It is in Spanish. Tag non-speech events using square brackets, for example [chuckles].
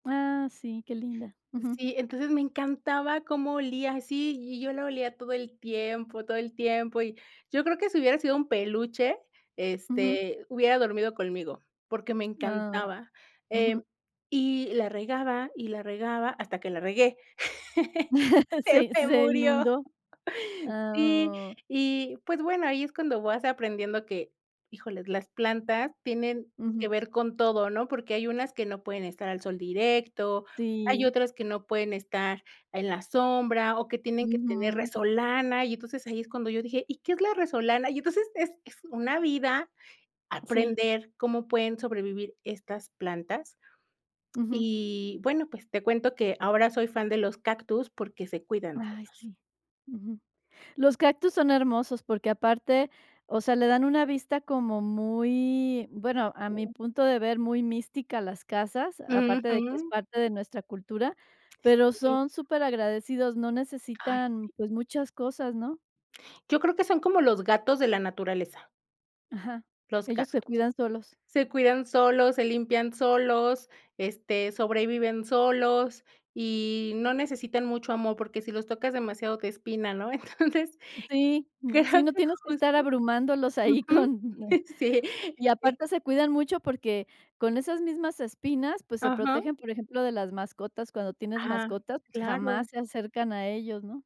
Ah, sí, qué linda. Ujú. Sí, entonces me encantaba cómo olía así, y yo la olía todo el tiempo todo el tiempo, y yo creo que si hubiera sido un peluche, Ujú. este, hubiera dormido conmigo, porque me Ah, encantaba. ujú. Em, y la regaba, y la regaba, hasta que la regué. [laughs] [chuckles] Se Se se me se murió. inundó, Sí, ah, oh. y pues bueno, ahí es cuando vas aprendiendo que, híjoles, las plantas tienen Ujú. que ver con todo, ¿no? Porque hay unas que no pueden estar al sol directo, hay Sí. otras que no pueden estar en la sombra, o que tienen que tener Ujú. resolana, y entonces ahí es cuando yo dije: "¿Y qué es la resolana?". Y entonces, es es una vida Sí. aprender cómo pueden sobrevivir estas plantas. Ujú. Y, bueno, pues te cuento que ahora soy fan de los cactus porque se cuidan Ay, solos. sí, ujú. Los cactus son hermosos, porque aparte o sea, le dan una vista como muy bueno, a mi punto de ver, muy mística a las casas, aparte de que es Ujú. parte de nuestra cultura, pero Sí. son superagradecidos, no Ay necesitan, sí. pues, muchas cosas, ¿no? Yo creo que son como los gatos de la naturaleza Ajá, los ellos gatos. se cuidan solos. Se cuidan solos, se limpian solos, este, sobreviven solos, y no necesitan mucho amor, porque si los tocas demasiado te espina, ¿no? Entonces Sí, creo mm, sí, no que tienes que estar justo abrumándolos ahí ujú, con sí. y Y aparte se cuidan mucho porque con esas mismas espinas, pues se Ajá. protegen, por ejemplo, de las mascotas. Cuando tienes Ah, mascotas, pues claro. jamás se acercan a ellos, ¿no?